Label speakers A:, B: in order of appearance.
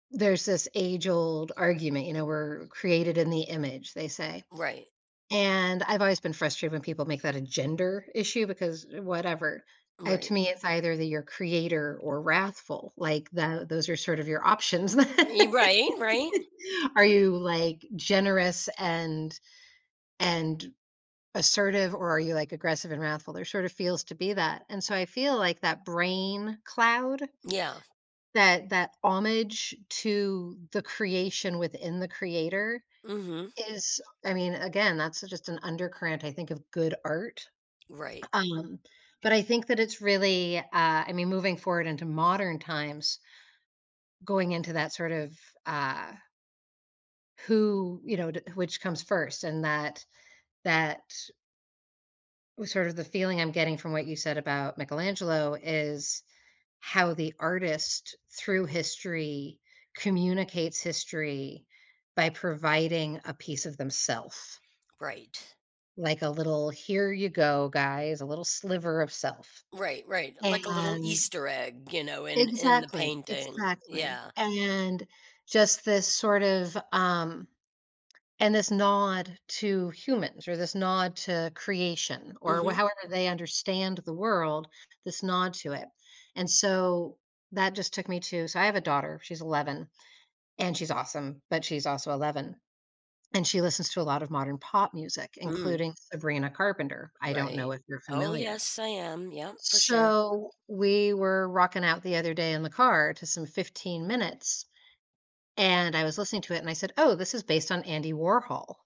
A: There's this age-old argument, you know, we're created in the image, they say,
B: Right.
A: and I've always been frustrated when people make that a gender issue because whatever. Uh,
B: Right.
A: to me it's either that you're creator or wrathful, like, that those are sort of your options.
B: Ee right, right.
A: Are you, like, generous and and assertive or are you, like, aggressive and wrathful? There sort of feels to be that. And so I feel like that brain cloud,
B: Yeah.
A: that that homage to the creation within the creator
B: Mhm.
A: is I mean, again, that's just an undercurrent, I think, of good art.
B: Right.
A: U um, but I think that it's really, uh, I mean, moving forward into modern times going into that sort of, uh who, you know, d which comes first? And that that sort of the feeling I'm getting from what you said about Michelangelo is how the artist, through history, communicates history by providing a piece of themself.
B: Right.
A: Like, a little, "Here you go, guys." A little sliver of self.
B: Right, right. Like a little
A: And
B: Easter egg, you know, in in the
A: Exactly,
B: painting.
A: exactly.
B: Yeah.
A: And just this sort of, um and this nod to humans or this nod to creation or wa
B: Mhm.
A: however they understand the world, this nod to it. And so that just took me to so, I have a daughter, she's 11, and she's awesome, but she's also 11, and she listens to a lot of modern pop music,
B: Mm.
A: including Sabrina Carpenter. I don't know
B: Right.
A: if you're
B: Oh,
A: familiar.
B: yes, I am. Yep, for sure.
A: So, we were rocking out the other day in the car to some 15 minutes, and I was listening to it and I said, "Oh, this is based on Andy Warhol."